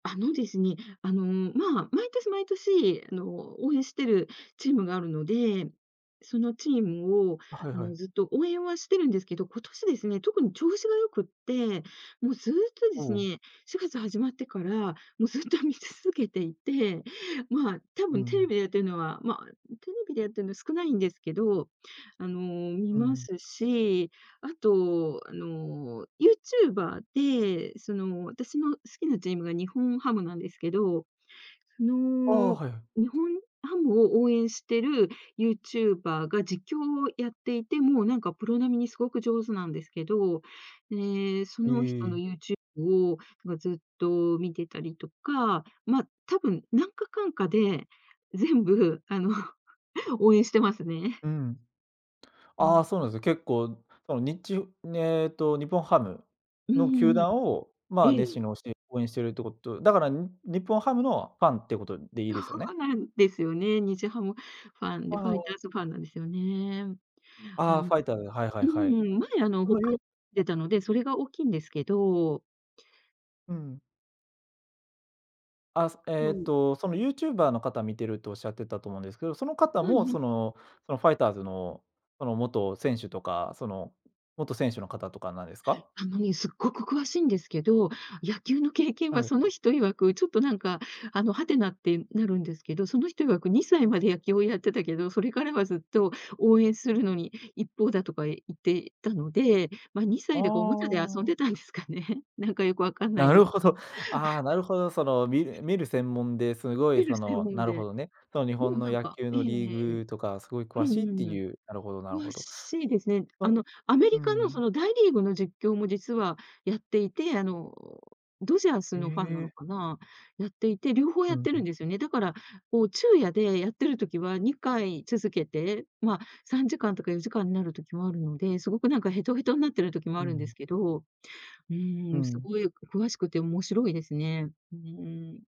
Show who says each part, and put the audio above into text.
Speaker 1: あのですね、あの、まあ、毎年毎年あの、応援してるチームがあるので、そのチームを
Speaker 2: あ、はい
Speaker 1: あ
Speaker 2: は
Speaker 1: の、
Speaker 2: い。
Speaker 1: ずっと応援はしてるんですけど、今年ですね、特に調子が良くて、もうずっとで
Speaker 2: う
Speaker 1: す
Speaker 2: ん。
Speaker 1: ね、4月始まってからもうずっと見続けていて、まあ、多
Speaker 2: う
Speaker 1: 分テレ
Speaker 2: ん。
Speaker 1: ビでやってるのは、まあ、ううテレビでやってんの少ないんですけど、あの、見
Speaker 2: う
Speaker 1: ま
Speaker 2: ん。
Speaker 1: すし、あと、あの、YouTuber で、その、私の好きなチームが日本ハムなんですけど、そ
Speaker 2: ああ、
Speaker 1: の
Speaker 2: はいはい。
Speaker 1: 日本ハムを応援してる YouTuber が実況をやっていて、もうなんかプロ並みに凄く上手なんですけど、ね、そ
Speaker 2: え
Speaker 1: の人の
Speaker 2: え。
Speaker 1: YouTube をまあ、ずっと見てたりとか、まあ、多分なんかかんかで、全部あの、応援してますね。
Speaker 2: うん。
Speaker 1: う
Speaker 2: ああ
Speaker 1: ん。
Speaker 2: そうなんすね、結構、そのにちゅねっと、日本ハム
Speaker 1: うん
Speaker 2: の
Speaker 1: う
Speaker 2: 球
Speaker 1: んうん。
Speaker 2: 団をま
Speaker 1: え
Speaker 2: あ、熱心
Speaker 1: え。
Speaker 2: に推し応援してるってこと、だから、ん、日本ハムのファンっていうことでいい
Speaker 1: そ
Speaker 2: ですよね？
Speaker 1: うなんですよね、日ハムファンで、
Speaker 2: あ
Speaker 1: ファイタ
Speaker 2: あ。
Speaker 1: ーズファンなんですよね。
Speaker 2: あ
Speaker 1: は
Speaker 2: あ、
Speaker 1: ん、
Speaker 2: ファイターズ、はいはい
Speaker 1: う
Speaker 2: はい。
Speaker 1: ん、うーん、前あの、
Speaker 2: そ
Speaker 1: 北
Speaker 2: のユ
Speaker 1: 海
Speaker 2: ー
Speaker 1: でたので、それが大きいんですけど。
Speaker 2: うん。あ、す
Speaker 1: そ
Speaker 2: えっ
Speaker 1: う。
Speaker 2: と、その YouTuber の方見てるとおっしゃってたと思うんですけど、その方
Speaker 1: は
Speaker 2: も
Speaker 1: いは
Speaker 2: そ
Speaker 1: い。
Speaker 2: の、そのファイターズのその元選手とか、その元選手の方とかなんですか？
Speaker 1: あのね、すっごく詳しいんですけど、野球の経験は
Speaker 2: はい。
Speaker 1: その人曰く、ちょっとなんか、あの、はてなっていうん、なるんですけど、その人曰く、2歳まで野球をやってたけど、それからはずっと応援するのに一方だとか言ってたので、まあ、にさ
Speaker 2: あ
Speaker 1: いだかおもちゃで遊ん
Speaker 2: あ。
Speaker 1: でたんですかね？なんかよく分かんな
Speaker 2: な
Speaker 1: いで
Speaker 2: る
Speaker 1: す。
Speaker 2: ほど。ああ、
Speaker 1: は
Speaker 2: な
Speaker 1: い。
Speaker 2: るほど。その見る見る専門ですごい、
Speaker 1: 見る
Speaker 2: そ
Speaker 1: 専
Speaker 2: の、
Speaker 1: 門
Speaker 2: なる
Speaker 1: で。
Speaker 2: ほどね、その日
Speaker 1: で
Speaker 2: 本
Speaker 1: も
Speaker 2: の
Speaker 1: なん
Speaker 2: 野
Speaker 1: か
Speaker 2: 球
Speaker 1: ええ
Speaker 2: のリ
Speaker 1: え
Speaker 2: ー
Speaker 1: え。
Speaker 2: グとかすごい詳
Speaker 1: うん
Speaker 2: しいっ
Speaker 1: う
Speaker 2: て
Speaker 1: んうん。
Speaker 2: いう、なるほどなる
Speaker 1: 詳
Speaker 2: ほど。
Speaker 1: しいですね。あ
Speaker 2: そ
Speaker 1: の、アメ
Speaker 2: う
Speaker 1: リカの、そ
Speaker 2: ん。
Speaker 1: の、大リーグの実況も実はやっていて、あの、ドジャース
Speaker 2: え
Speaker 1: のファンなの
Speaker 2: え。
Speaker 1: かな、やっていて、両方
Speaker 2: う
Speaker 1: や
Speaker 2: ん
Speaker 1: って
Speaker 2: う
Speaker 1: る
Speaker 2: ん。
Speaker 1: んですよね。だから、こう昼夜でやってる時は2回続けて、まあ3時間とか4時間なる時もあるので、凄くなんかへとへとんなってる時も
Speaker 2: う
Speaker 1: あるんで
Speaker 2: ん。
Speaker 1: すけど、う
Speaker 2: う
Speaker 1: ん、
Speaker 2: ん。
Speaker 1: 凄い詳しくて面白いですね。うーん。